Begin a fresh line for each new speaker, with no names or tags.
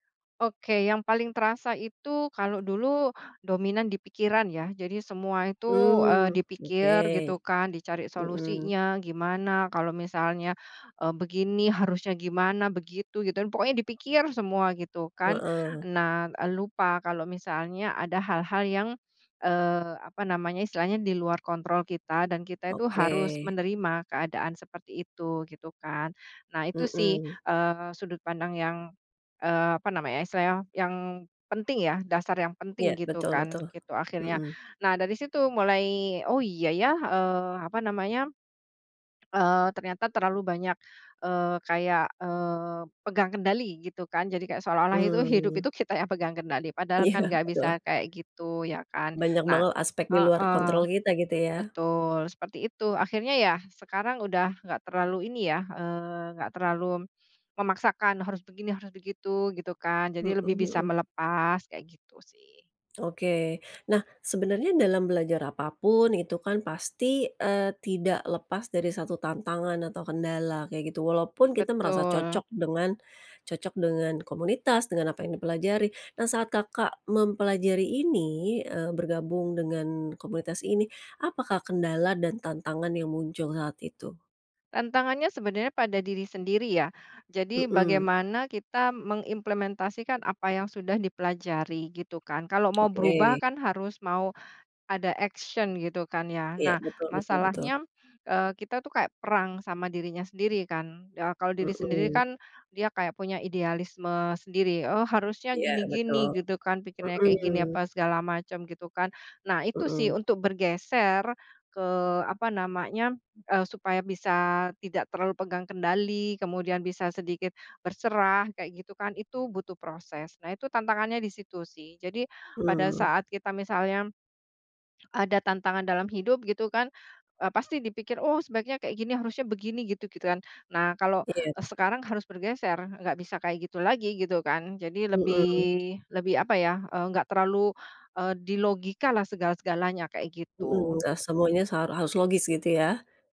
Oke, yang paling terasa itu, kalau dulu dominan di pikiran, ya. Jadi semua itu, eee,
Mmm,
dipikir
oke.
gitu kan, dicari
Heeh.
solusinya gimana. Kalau misalnya, eee, begini harusnya gimana, begitu gitu, pokoknya dipikir semua gitu kan.
Heeh.
Nah, lupa kalau misalnya ada hal-hal yang, eee, apa namanya, istilahnya di luar kontrol kita, dan kita itu harus
Oke.
menerima keadaan seperti itu, gitu kan. Nah, itu sih
Heeh.
eee, sudut pandang yang eee, apa namanya, istilahnya yang penting, ya. Dasar yang
Iya,
penting gitu
betul
kan,
betul,
gitu akhirnya.
mhm.
Nah, dari situ mulai, “Oh iya ya, eee, apa namanya, eee, ternyata terlalu banyak eee, kayak, eee, pegang kendali gitu kan.” Jadi kayak seolah-olah itu hidup
Mmm.
itu kita yang pegang kendali, padahal
Iya,
kan enggak
betul.
bisa kayak gitu, ya kan?
Banyak
Nah
banget aspek di luar
heeh.
kontrol kita gitu ya?
Betul, seperti itu akhirnya. Ya sekarang udah enggak terlalu ini, ya, eee, engak terlalu memaksakan harus begini, harus begitu gitu kan.
Heeh
Jadi lebih bisa
heeh.
melepas, kayak gitu sih.
Oke, nah sebenarnya dalam belajar apapun itu kan pasti, eee, tidak lepas dari satu tantangan atau kendala kayak gitu. Walaupun kita merasa
Betul.
cocok dengan cocok dengan komunitas, dengan apa yang dipelajari. Nah, saat Kakak mempelajari ini, eee, bergabung dengan komunitas ini, apakah kendala dan tantangan yang muncul saat itu?
Tantangannya sebenarnya pada diri sendiri, ya. Jadi,
Mhm.
bagaimana kita mengimplementasikan apa yang sudah dipelajari gitu kan. Kalau mau berubah
Oke.
kan harus mau ada action gitu kan, ya.
Ya,
Nah,
betul betul betul.
masalahnya, eee, kita tuh kayak perang sama dirinya sendiri kan. Ya, kalau diri sendiri
Mhm.
kan, dia kayak punya idealisme sendiri, “Oh harusnya
Ya,
gini-gini
betul,
gitu kan, pikirannya kayak gini,
mhm.
apa segala macam," gitu kan. Nah, itu sih
Mhm.
untuk bergeser ke, apa namanya, eee, supaya bisa tidak terlalu pegang kendali, kemudian bisa sedikit berserah kayak gitu kan, itu butuh proses. Nah, itu tantangannya di situ sih. Jadi, pada
Mmm.
saat kita misalnya ada tantangan dalam hidup gitu kan, eee, pasti dipikir, “Oh sebaiknya kayak gini, harusnya begini gitu," gitu kan. Nah, kalau
Iya.
sekarang harus bergeser, enggak bisa kayak gitu lagi gitu kan. Jadi lebih,
Mhm.
lebih apa ya, eee, enggak terlalu, eee, di logika lah segala segalanya kayak
Heeh,
gitu.
enggak semuanya sa harus logis gitu ya.